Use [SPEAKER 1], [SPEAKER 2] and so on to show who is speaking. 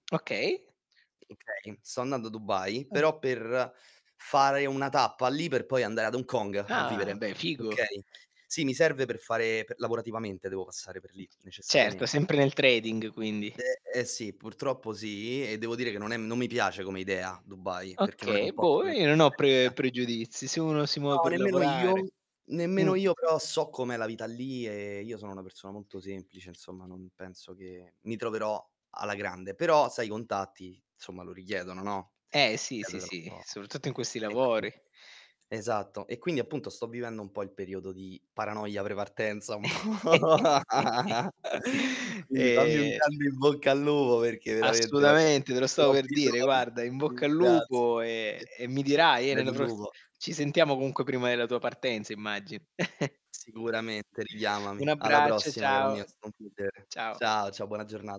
[SPEAKER 1] Okay.
[SPEAKER 2] Okay, sto andando a Dubai
[SPEAKER 1] Mh.
[SPEAKER 2] però per fare una tappa lì per poi andare ad Hong Kong a
[SPEAKER 1] Ah,
[SPEAKER 2] vivere.
[SPEAKER 1] beh figo.
[SPEAKER 2] Okay. Sì, mi serve per fare per lavorativamente devo passare per lì
[SPEAKER 1] Certo,
[SPEAKER 2] necessariamen
[SPEAKER 1] sempre nel trading, quindi.
[SPEAKER 2] Ehm, ehm, sì, purtroppo sì. E devo dire che non è non mi piace come idea Dubai, perché non è
[SPEAKER 1] Okay,
[SPEAKER 2] un posto
[SPEAKER 1] boh,
[SPEAKER 2] che
[SPEAKER 1] io
[SPEAKER 2] mi
[SPEAKER 1] non ho pre
[SPEAKER 2] rispecchia.
[SPEAKER 1] pregiudizi, se uno si muove
[SPEAKER 2] No,
[SPEAKER 1] per
[SPEAKER 2] nemmeno io,
[SPEAKER 1] lavorare. Mh.
[SPEAKER 2] nemmeno io, però so com'è la vita lì e io sono una persona molto semplice, insomma, non penso che mi troverò alla grande. Però sai, i contatti, somma, lo richiedono, no,
[SPEAKER 1] Eh
[SPEAKER 2] e
[SPEAKER 1] sì, sì, sì,
[SPEAKER 2] [unintelligible]
[SPEAKER 1] soprattutto in questi
[SPEAKER 2] e
[SPEAKER 1] lavori.
[SPEAKER 2] quindi esatto. E quindi appunto sto vivendo un po' il periodo di paranoia pre partenza, un po' quindi fammi un
[SPEAKER 1] Ehm
[SPEAKER 2] grande "in bocca al lupo" perché veramente guarda,
[SPEAKER 1] Assolutamente, te lo
[SPEAKER 2] ne
[SPEAKER 1] stavo
[SPEAKER 2] ho
[SPEAKER 1] per dire,
[SPEAKER 2] bisogno.
[SPEAKER 1] guarda in bocca al lupo e
[SPEAKER 2] Grazie.
[SPEAKER 1] e mi dirai, eh,
[SPEAKER 2] Crepi
[SPEAKER 1] nella
[SPEAKER 2] il
[SPEAKER 1] pros
[SPEAKER 2] lupo.
[SPEAKER 1] ci sentiamo comunque prima della tua partenza, immagino.
[SPEAKER 2] Sicuramente,
[SPEAKER 1] Un
[SPEAKER 2] richiamami. Alla
[SPEAKER 1] abbraccio,
[SPEAKER 2] prossima caro mio, è
[SPEAKER 1] ciao.
[SPEAKER 2] stato un piacere.
[SPEAKER 1] Ciao.
[SPEAKER 2] Ciao, ciao, buona giorna